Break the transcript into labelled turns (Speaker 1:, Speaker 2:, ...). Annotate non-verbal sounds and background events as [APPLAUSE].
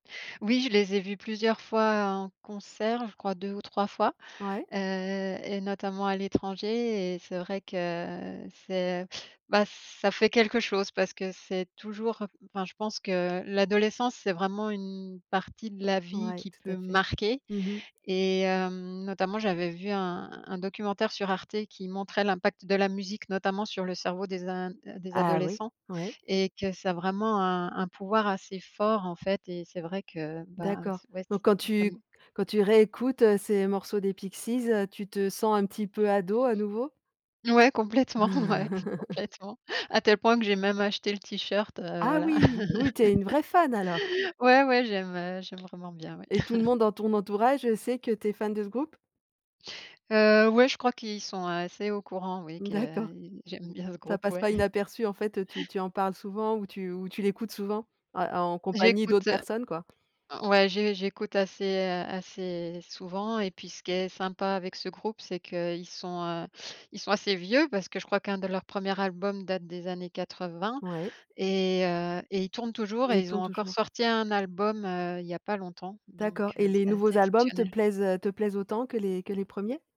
Speaker 1: Oui je les ai vus plusieurs fois en concert, je crois 2 ou 3 fois.
Speaker 2: Ouais.
Speaker 1: Heu et notamment à l'étranger et c'est vrai que c'est heu, bah ça fait quelque chose parce que c'est toujours heu enfin je pense que l'adolescence c'est vraiment une partie de la vie
Speaker 2: Ouais
Speaker 1: qui
Speaker 2: tout à
Speaker 1: peut
Speaker 2: fait.
Speaker 1: marquer
Speaker 2: Mmh mh.
Speaker 1: et hem, notamment j'avais vu un un documentaire sur Arte qui montrait l'impact de la musique notamment sur le cerveau des in des
Speaker 2: Ah oui.
Speaker 1: adolescents
Speaker 2: Ouais.
Speaker 1: et que ça a vraiment un un pouvoir assez fort en fait et c'est vrai que bah
Speaker 2: D'accord,
Speaker 1: ç ouais ç
Speaker 2: donc quand
Speaker 1: ça
Speaker 2: tu
Speaker 1: m
Speaker 2: quand tu réécoutes, heu, ces morceaux des Pixies, heu, tu te sens un petit peu ado à nouveau?
Speaker 1: Ouais complètement ouais,
Speaker 2: [LAUGHS]
Speaker 1: complètement à tel point que j'ai même acheté le t-shirt heu
Speaker 2: Ah
Speaker 1: voilà.
Speaker 2: oui! Oui, tu es une vraie fan alors?
Speaker 1: [LAUGHS] Ouais, ouais j'aime heu j'aime vraiment bien ouais.
Speaker 2: Et tout le monde
Speaker 1: [CHUCKLES]
Speaker 2: dans ton entourage, heu, sait que tu es fan de ce groupe?
Speaker 1: Heu ouais je crois qu'ils sont assez au courant oui
Speaker 2: Mmh
Speaker 1: que,
Speaker 2: d'accord.
Speaker 1: y j'aime bien ce
Speaker 2: Ça
Speaker 1: groupe
Speaker 2: passe
Speaker 1: ouais.
Speaker 2: pas inaperçu en fait, heu tu tu en parles souvent ou tu ou tu l'écoutes souvent? A en compagnie d'autres
Speaker 1: J'écoute heu,
Speaker 2: personnes quoi?
Speaker 1: o ouais j'é j'écoute assez, heu, assez souvent et puis ce qui est sympa avec ce groupe, c'est qu'ils sont, heu, ils sont assez vieux parce que je crois qu'un de leur premier album date des années 80
Speaker 2: Ouais.
Speaker 1: et heu et ils tournent toujours
Speaker 2: Et
Speaker 1: et
Speaker 2: ils
Speaker 1: ils
Speaker 2: tournent
Speaker 1: ont encore
Speaker 2: toujours.
Speaker 1: sorti un album, heu, il y a pas longtemps,
Speaker 2: D'accord.
Speaker 1: donc,
Speaker 2: Et
Speaker 1: heu,
Speaker 2: les
Speaker 1: c'est assez
Speaker 2: nouveaux albums te
Speaker 1: exceptionnel.
Speaker 2: plaisent, heu, te plaisent autant que les que les premiers?